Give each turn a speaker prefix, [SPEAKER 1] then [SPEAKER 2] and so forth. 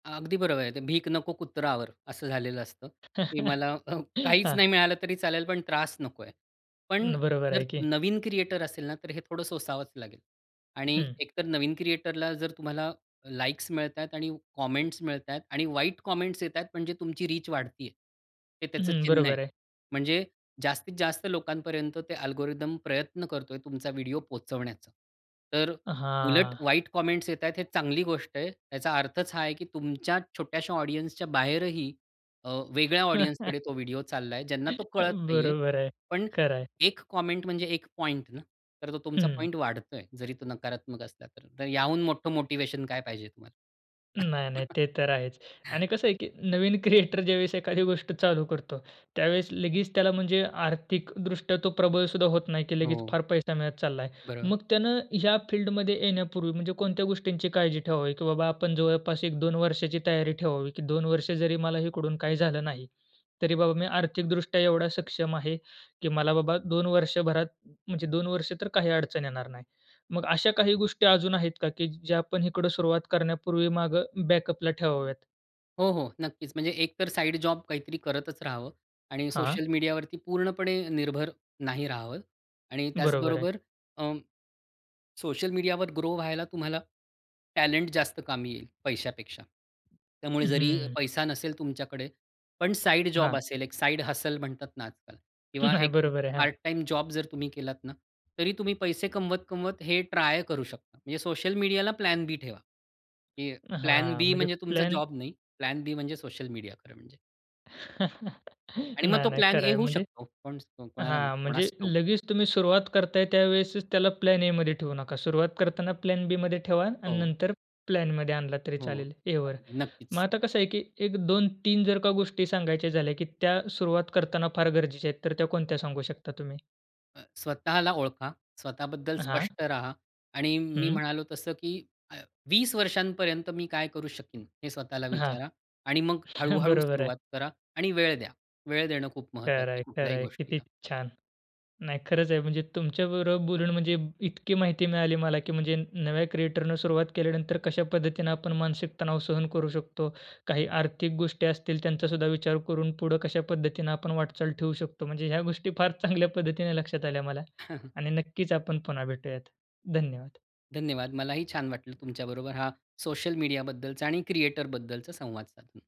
[SPEAKER 1] अगदी बरोबर आहे, ते 'भीक नको कुत्रा आवर' असं झालेलं असतं, की मला काहीच नाही
[SPEAKER 2] हां.
[SPEAKER 1] मिळालं तरी चालेल, पण त्रास नकोय. पण
[SPEAKER 2] उम्म, बरोबर
[SPEAKER 1] जर
[SPEAKER 2] आहे की.
[SPEAKER 1] नवीन क्रिएटर असेल ना, तर हे थोडं सोसावंच लागेल. आणि
[SPEAKER 2] हं.
[SPEAKER 1] एकतर, नवीन क्रिएटरला जर तुम्हाला लाईक्स मिळत आहेत आणि कॉमेंट्स मिळत आहेत आणि वाईट कॉमेंट्स येत आहेत, म्हणजे तुमची रीच वाढत आहे. हे त्याचं
[SPEAKER 2] हं.
[SPEAKER 1] चिन्ह आहे.
[SPEAKER 2] बरोबर आहे.
[SPEAKER 1] म्हणजे जास्तीत जास्त लोकांपर्यंत ते अल्गोरिदम प्रयत्न करतोय, तुमचा व्हिडिओ पोहोचवण्याचा. तर उलट,
[SPEAKER 2] हां.
[SPEAKER 1] वाईट कॉमेंट्स येत आहेत, हे चांगली गोष्ट आहे. याचा अर्थच हा आहे, की तुमच्या छोट्याश्या ऑडियन्सच्या बाहेरही अ, वेगळ्या ऑडियन्सकडे तो व्हिडिओ चालला आहे, ज्यांना तो कळत नाही आहे.
[SPEAKER 2] बरोबर आहे.
[SPEAKER 1] पण
[SPEAKER 2] खरं आहे.
[SPEAKER 1] 1 कॉमेंट, म्हणजे 1 पॉइंट ना, तर तो तुमचा
[SPEAKER 2] हं.
[SPEAKER 1] पॉइंट वाढतोय. जरी तो नकारात्मक असला तर. तर याहून मोठं मोटिव्हेशन काय पाहिजे तुम्हाला?
[SPEAKER 2] नाही, नाही. ते तर आहेच. आणि कसं आहे, की नवीन क्रिएटर, ज्यावेळेस एखादी गोष्ट चालू करतो, त्यावेळेस लगेच त्याला, म्हणजे आर्थिक दृष्ट्या तो प्रबळसुद्धा होत नाही, की लगेच
[SPEAKER 1] हो.
[SPEAKER 2] फार पैसा मिळत चालला आहे.
[SPEAKER 1] बरोबर.
[SPEAKER 2] मग त्यानं ह्या फील्डमध्ये येण्यापूर्वी, म्हणजे कोणत्या गोष्टींची काळजी ठेवावी, की बाबा आपण जवळपास 1-2 वर्षाची तयारी ठेवावी, की "2 वर्ष जरी मला इकडून काही झालं नाही, तरी बाबा मी आर्थिकदृष्ट्या एवढा सक्षम आहे, की मला बाबा 2 वर्षभरात म्हणजे 2 वर्ष तर काही अडचण येणार नाही." मग अशा काही गोष्टी अजून आहेत का, की ज्या आपण इकडं सुरुवात करण्यापूर्वी मागे बॅकअपला ठेवाव्यात?
[SPEAKER 1] हो, हो, नक्कीच, म्हणजे एकतर साइड जॉब काहीतरी करतच राहावं आणि
[SPEAKER 2] हां.
[SPEAKER 1] सोशल मीडियावरती पूर्णपणे निर्भर नाही राहावं. आणि
[SPEAKER 2] बरोबर आहे.
[SPEAKER 1] त्याचबरोबर, अं, सोशल मीडियावर ग्रो व्हायला तुम्हाला टॅलेंट जास्त कामी येईल, पैशापेक्षा. त्यामुळे जरी
[SPEAKER 2] हम्म.
[SPEAKER 1] पैसा नसेल तुमच्याकडे, पण साइड जॉब
[SPEAKER 2] हां.
[SPEAKER 1] असेल, एक साइड हसल म्हणतात ना आजकाल किंवा
[SPEAKER 2] नाही,
[SPEAKER 1] एक
[SPEAKER 2] बरोबर आहे. हां.
[SPEAKER 1] पार्ट टाईम जॉब जर तुम्ही केलात ना, तरी तुम्ही पैसे कमवत-कमवत हे ट्राय करू शकता. म्हणजे सोशल मीडियाला प्लॅन-बी ठेवा. की
[SPEAKER 2] अ, हां.
[SPEAKER 1] प्लॅन-बी
[SPEAKER 2] म्हणजे
[SPEAKER 1] म्हणजे तुमचा
[SPEAKER 2] प्लॅन
[SPEAKER 1] जॉब नाही. प्लॅन-बी म्हणजे सोशल मीडिया खरं म्हणजे. आणि मग
[SPEAKER 2] नाही,
[SPEAKER 1] तो
[SPEAKER 2] नाही, खरं
[SPEAKER 1] प्लॅन-ए
[SPEAKER 2] आहे,
[SPEAKER 1] होऊ
[SPEAKER 2] म्हणजे
[SPEAKER 1] शकतो. कोण स्तो कोणाला माहित,
[SPEAKER 2] हां, म्हणजे
[SPEAKER 1] कोणास ठाऊक?
[SPEAKER 2] लगेच तुम्ही सुरुवात करताय, त्यावेळेसच त्याला प्लॅन-एमध्ये ठेवू नका, सुरुवात करताना प्लॅन-बीमध्ये ठेवा आणि
[SPEAKER 1] हो.
[SPEAKER 2] नंतर प्लॅनमध्ये आणला तरी
[SPEAKER 1] हो.
[SPEAKER 2] चालेल, एवर. मग
[SPEAKER 1] नक्कीच.
[SPEAKER 2] आता कसं आहे की एक 2-3 जर का गोष्टी सांगायच्या झाल्या, की त्या सुरुवात करताना फार गरजेच्या आहेत, तर त्या कोणत्या सांगू शकता तुम्ही?
[SPEAKER 1] अ, स्वतःला ओळखा. स्वतःबद्दल
[SPEAKER 2] हां.
[SPEAKER 1] स्पष्ट राहा. आणि मी
[SPEAKER 2] हं.
[SPEAKER 1] म्हणालो तसं, की अ, "20 वर्षांपर्यंत मी काय करू शकीन?", हे स्वतःला
[SPEAKER 2] हां.
[SPEAKER 1] विचारा. आणि मग हळूहळू
[SPEAKER 2] बरोबर आहे.
[SPEAKER 1] सुरुवात करा आणि वेळ द्या. वेळ देणं खूप महत्त्वाचं
[SPEAKER 2] खरं
[SPEAKER 1] आहे,
[SPEAKER 2] आहे, खरं
[SPEAKER 1] कुठल्याही
[SPEAKER 2] आहे. किती
[SPEAKER 1] गोष्टीला.
[SPEAKER 2] छान. नाही, खरंच आहे, म्हणजे तुमच्या बरोबर बोलून, म्हणजे इतकी माहिती मिळाली मला, की म्हणजे नव्या क्रिएटरने सुरुवात केल्यानंतर कशा पद्धतीनं आपण मानसिक तणाव सहन करू शकतो. काही आर्थिक गोष्टी असतील, त्यांचा सुद्धा विचार करून पुढं कशा पद्धतीनं आपण वाटचाल ठेवू शकतो. म्हणजे ह्या गोष्टी फार चांगल्या पद्धतीने लक्षात आल्या मला. आणि नक्कीच आपण पुन्हा भेटूयात. धन्यवाद.
[SPEAKER 1] धन्यवाद. मलाही छान वाटलं, तुमच्याबरोबर हा सोशल मीडियाबद्दलचा आणि क्रिएटरबद्दलचा संवाद साधून.